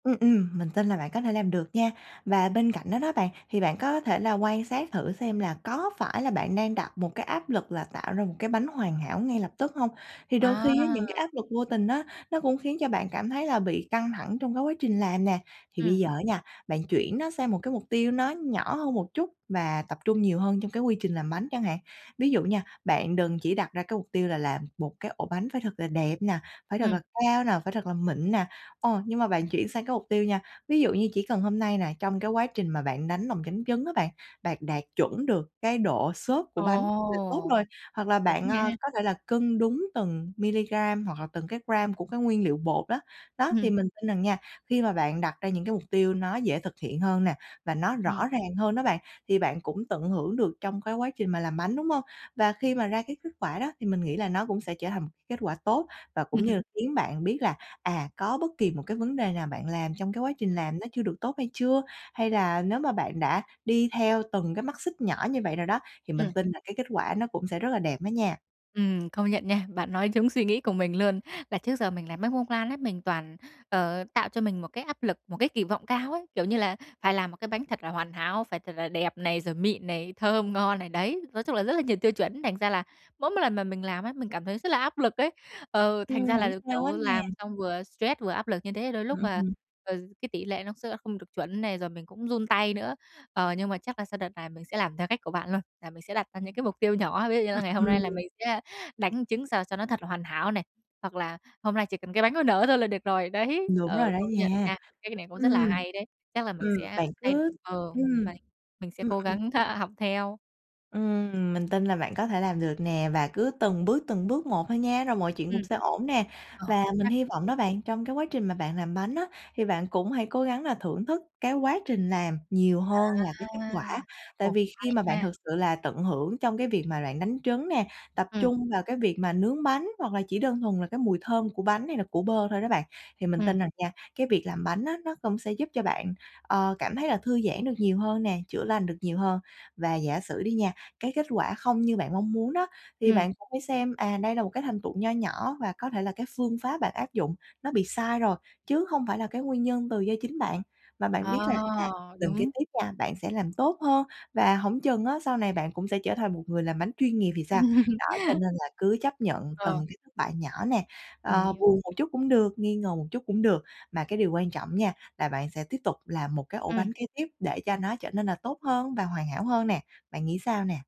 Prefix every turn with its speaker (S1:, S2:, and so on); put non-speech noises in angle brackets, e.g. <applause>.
S1: Ừm, ừm, mình tin là bạn có thể làm được nha. Và bên cạnh đó đó bạn, thì bạn có thể là quan sát thử xem là có phải là bạn đang đặt một cái áp lực là tạo ra một cái bánh hoàn hảo ngay lập tức hông? Thì đôi khi á,
S2: À.
S1: những cái áp lực vô tình đó nó cũng khiến cho bạn cảm thấy là bị căng thẳng trong cái quá trình làm nè. Thì bây
S2: Ừm.
S1: giờ á nha, bạn chuyển nó sang một cái mục tiêu nó nhỏ hơn một chút và tập trung nhiều hơn trong cái quy trình làm bánh chẳng hạn. Ví dụ nha, bạn đừng chỉ đặt ra cái mục tiêu là làm một cái ổ bánh phải thật là đẹp nè, phải thật là
S2: Ừm.
S1: cao nè, phải thật là mịn nè. Ờ, nhưng mà bạn chuyển sang cái mục tiêu nha, ví dụ như chỉ cần hôm nay nè, trong cái quá trình mà bạn đánh lòng trắng trứng á bạn, bạn đạt chuẩn được cái độ xốp của bánh là tốt
S2: Ồ!
S1: rồi. Hoặc là
S2: Đúng
S1: bạn,
S2: nha.
S1: à, có thể là cân đúng từng milligram hoặc là từng cái gram của cái nguyên liệu bột đó. Đó, thì
S2: Ừm.
S1: mình tin rằng nha, khi mà bạn đặt ra những mục tiêu nó dễ thực hiện hơn nè và nó
S2: Ừm.
S1: rõ ràng hơn đó bạn, thì bạn cũng tận hưởng được trong cái quá trình mà làm bánh, đúng hông? Và khi mà ra cái kết quả đó, thì mình nghĩ là nó cũng sẽ trở thành một kết quả tốt và cũng như là
S2: <laughs>
S1: khiến bạn biết là, à, có bất kỳ một cái vấn đề nào bạn làm trong cái quá trình
S2: Ừm.
S1: làm nó chưa được tốt hay chưa, hay là nếu mà bạn đã đi theo từng cái mắt xích nhỏ như vậy rồi đó, thì mình
S2: Ừm.
S1: tin là cái kết quả nó cũng sẽ rất là đẹp đó nha.
S2: Ừm, công nhận nha. Bạn nói trúng suy nghĩ của mình luôn. Là trước giờ mình làm bánh bông lan ấy, mình toàn, ờ, tạo cho mình một cái áp lực, một cái kỳ vọng cao ấy. Kiểu như là phải làm một cái bánh thật là hoàn hảo, phải thật là đẹp này, rồi mịn này, thơm ngon này, đấy, nói chung là rất là nhiều tiêu chuẩn. Thành ra là mỗi một lần mà mình làm á, mình cảm thấy rất là áp lực ấy. Ờ, thành
S1: Ừm,
S2: ra là,
S1: hổng sao hết
S2: kiểu, làm
S1: nè.
S2: xong vừa stress vừa áp lực như thế, đôi lúc,
S1: Ừm,
S2: à,
S1: ừm.
S2: ờ, cái tỉ lệ nó sẽ là không được chuẩn này, rồi mình cũng run tay nữa. Ờ, nhưng mà chắc là sau đợt này mình sẽ làm theo cách của bạn luôn, là mình sẽ đặt ra những cái mục tiêu nhỏ, ví dụ như là
S1: Ừm,
S2: ngày hôm nay là
S1: ừm.
S2: mình sẽ đánh trứng sao cho nó thật là hoàn hảo này, hoặc là hôm nay chỉ cần cái bánh nó nở thôi là được rồi, đấy.
S1: Đúng
S2: Ờ,
S1: rồi đó
S2: công nhận
S1: nha.
S2: nha, cái ý này cũng rất là
S1: Ừm.
S2: hay đấy, chắc là mình
S1: Ừm,
S2: sẽ
S1: bạn
S2: thay
S1: cứ
S2: ờ,
S1: ừm.
S2: vậy mình sẽ
S1: Ừm,
S2: cố
S1: ừm.
S2: gắng <laughs> học theo.
S1: Ừm, mình tin là bạn có thể làm được nè, và cứ từng bước, từng bước một thôi nha, rồi mọi chuyện cũng
S2: Ừm.
S1: sẽ ổn nè.
S2: Ồ!
S1: Và
S2: Ra
S1: mình hy
S2: thế!
S1: vọng đó bạn, trong cái quá trình mà bạn làm bánh á, thì bạn cũng hãy cố gắng là thưởng thức cái quá trình làm nhiều hơn là cái kết quả.
S2: À.
S1: Tại
S2: Ồ,
S1: vì khi
S2: hay
S1: mà bạn
S2: ha!
S1: thực sự là tận hưởng trong cái việc mà bạn đánh trứng nè, tập
S2: Ừm.
S1: trung vào cái việc mà nướng bánh, hoặc là chỉ đơn thuần là cái mùi thơm của bánh hay là của bơ thôi đó bạn, thì mình
S2: Ừm.
S1: tin rằng nha, cái việc làm bánh á nó cũng sẽ giúp cho bạn, ờ, cảm thấy là thư giãn được nhiều hơn nè, chữa lành được nhiều hơn. Và giả sử đi nha, cái kết quả không như bạn mong muốn đó, thì
S2: Ừm.
S1: bạn cũng phải xem, à, đây là một cái thành tựu nho nhỏ và có thể là cái phương pháp bạn áp dụng, nó bị sai rồi chứ hông phải là cái nguyên nhân từ do chính bạn. Và bạn
S2: À,
S1: biết là, à, lần kế
S2: đúng.
S1: tiếp nha, bạn sẽ làm tốt hơn, và hổng chừng á sau này bạn cũng sẽ trở thành một người làm bánh chuyên nghiệp thì sao? Đó, cho
S2: <laughs>
S1: nên là cứ chấp nhận
S2: Ờ.
S1: từng cái thất bại nhỏ nè,
S2: Mình
S1: ờ,
S2: hiểu.
S1: buồn một chút cũng được, nghi ngờ một chút cũng được. Mà cái điều quan trọng nha, là bạn sẽ tiếp tục làm một cái ổ
S2: Ừm.
S1: bánh kế tiếp để cho nó trở nên là tốt hơn và hoàn hảo hơn nè. Bạn nghĩ sao nè?